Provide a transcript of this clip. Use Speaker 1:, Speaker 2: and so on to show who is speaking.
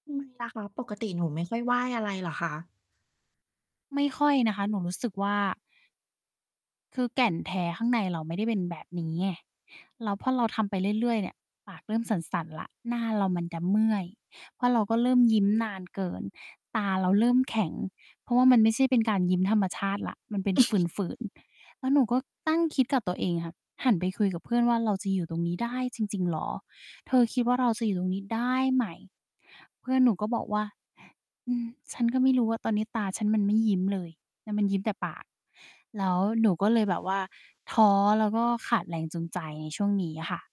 Speaker 1: ทำไม ล่ะคะ ปกติหนูไม่ค่อยไหว้อะไรเหรอคะ?
Speaker 2: ไม่ค่อยนะคะ หนูรู้สึกว่า คือแก่นแท้ข้างในเราไม่ได้เป็นแบบนี้ไง แล้วพอเราทำไปเรื่อย ๆ เนี่ย ปากเริ่มสั่น ๆ แล้ว หน้าเรามันจะเมื่อย เพราะเราก็เริ่มยิ้มนานเกิน ตาเราเริ่มแข็ง เพราะว่ามันไม่ใช่เป็นการยิ้มธรรมชาติแล้ว มันเป็นฝืน ๆ แล้วหนูก็ตั้งคิดกับตัวเองค่ะ หันไปคุยกับเพื่อนว่า "เราจะอยู่ตรงนี้ได้จริง ๆ เหรอ เธอคิดว่าเราจะอยู่ตรงนี้ได้ไหม?" เพื่อนหนูก็บอกว่า "อืม ฉันก็ไม่รู้ว่าตอนนี้ตาฉันมันไม่ยิ้มเลย แล้วมันยิ้มแต่ปาก" แล้วหนูก็เลยแบบว่า ท้อแล้วก็ขาดแรงจูงใจในช่วงนี้อะค่ะ